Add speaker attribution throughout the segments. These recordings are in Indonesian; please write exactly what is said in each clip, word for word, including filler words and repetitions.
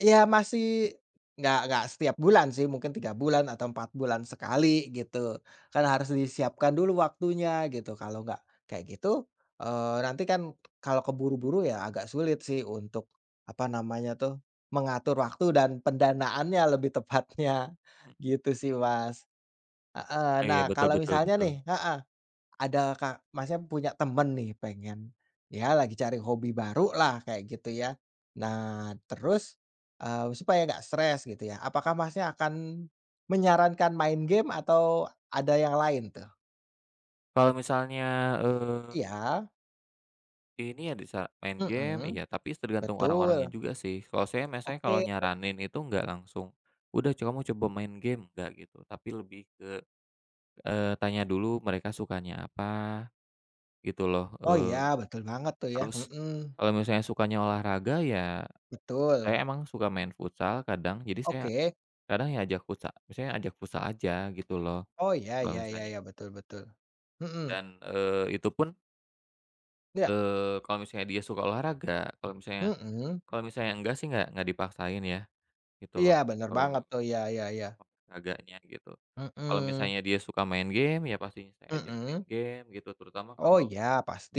Speaker 1: Ya masih enggak enggak setiap bulan sih mungkin tiga bulan atau empat bulan sekali gitu, kan harus disiapkan dulu waktunya gitu. Kalau enggak kayak gitu, eee, nantikan kalau terburu-buru ya agak sulit sih untuk, apa namanya tuh, mengatur waktu dan pendanaannya lebih tepatnya,
Speaker 2: Mmm.
Speaker 1: gitu sih, Mas. Heeh,
Speaker 2: Iya,
Speaker 1: nah
Speaker 2: betul
Speaker 1: kalau
Speaker 2: betul
Speaker 1: misalnya
Speaker 2: betul.
Speaker 1: nih, heeh, ada ka Mas punya temen nih pengen ya lagi cari hobi baru lah kayak gitu ya. Nah terus, eee, supaya nggak stres gitu ya, apakah Masnya akan menyarankan main game atau ada yang lain tuh?
Speaker 2: Kalau misalnya, eee
Speaker 1: Iya.
Speaker 2: ini ya bisa main game,
Speaker 1: Heeh.
Speaker 2: iya tapi s tergantung orang-orangnya
Speaker 1: Betul.
Speaker 2: juga sih. Kalau saya misalnya
Speaker 1: Oke.
Speaker 2: kalau nyaranin itu nggak langsung, "Udah co kamu coba mau main game," nggak gitu. Tapi lebih ke, eee, tanya dulu mereka sukanya apa gitu loh,
Speaker 1: Oh iya,
Speaker 2: eee,
Speaker 1: betul banget tuh ya,
Speaker 2: terus
Speaker 1: mhm.
Speaker 2: kalau misalnya sukanya olahraga, ya saya
Speaker 1: Betul.
Speaker 2: emang suka main futsal kadang, jadi saya
Speaker 1: Oke.
Speaker 2: kadang ya ajak futsa maksudnya ajak futsal aja gitu loh.
Speaker 1: Oh iya,
Speaker 2: Kalau
Speaker 1: ya ya
Speaker 2: misalnya
Speaker 1: ya, betul betul. Mhm.
Speaker 2: dan, eee, itu pun
Speaker 1: Iya.
Speaker 2: eee, kalau misalnya dia suka olahraga, kalau misalnya
Speaker 1: Mhm.
Speaker 2: kalau misalnya enggak sih enggak enggak dipaksain ya gitu
Speaker 1: Iya,
Speaker 2: loh,
Speaker 1: bener
Speaker 2: kalau,
Speaker 1: banget tuh. Ya ya ya.
Speaker 2: olahraganya gitu. Kalau
Speaker 1: Mhm.
Speaker 2: misalnya dia suka main game, ya pastinya saya ajak main
Speaker 1: Mhm.
Speaker 2: game gitu, terutama
Speaker 1: Oh
Speaker 2: kalau
Speaker 1: iya,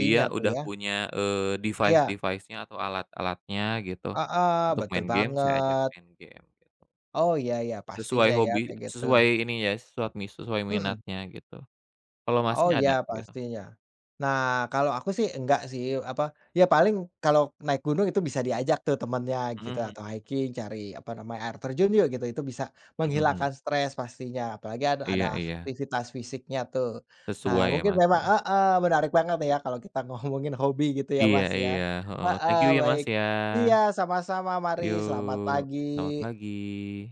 Speaker 2: dia
Speaker 1: tuh
Speaker 2: udah
Speaker 1: ya.
Speaker 2: punya, eee,
Speaker 1: Iya.
Speaker 2: device-device-nya atau alat-alatnya gitu
Speaker 1: Heeh,
Speaker 2: untuk
Speaker 1: betul
Speaker 2: main game, saya ajak
Speaker 1: banget.
Speaker 2: main game, gitu.
Speaker 1: Oh iya iya,
Speaker 2: Sesuai
Speaker 1: pastinya ya
Speaker 2: hobi,
Speaker 1: kayak gitu.
Speaker 2: sesuai ini ya, sesuat mis sesuai
Speaker 1: Mhm.
Speaker 2: minatnya gitu. Kalau masih
Speaker 1: Oh iya
Speaker 2: ada, gitu.
Speaker 1: pastinya. Nah kalau aku sih enggak sih, apa, ya paling kalau naik gunung itu bisa diajak tuh temennya
Speaker 2: Mhm,
Speaker 1: gitu
Speaker 2: heeh.
Speaker 1: atau hiking cari, apa namanya, air terjun yuk gitu, itu bisa
Speaker 2: Gak sanggup.
Speaker 1: menghilangkan stres pastinya, apalagi ad ada
Speaker 2: Iya iya.
Speaker 1: aktivitas fisiknya tuh. Nah
Speaker 2: Sesuai ya,
Speaker 1: mungkin
Speaker 2: Mas,
Speaker 1: memang
Speaker 2: ya.
Speaker 1: heeh, menarik banget ya kalau kita ngomongin hobi gitu ya,
Speaker 2: Iya
Speaker 1: Mas, ya.
Speaker 2: iya. Heeh. Thank
Speaker 1: Heeh,
Speaker 2: you ya, Mas,
Speaker 1: baik.
Speaker 2: ya.
Speaker 1: Iya sama-sama, mari
Speaker 2: Yo,
Speaker 1: selamat pagi.
Speaker 2: selamat pagi.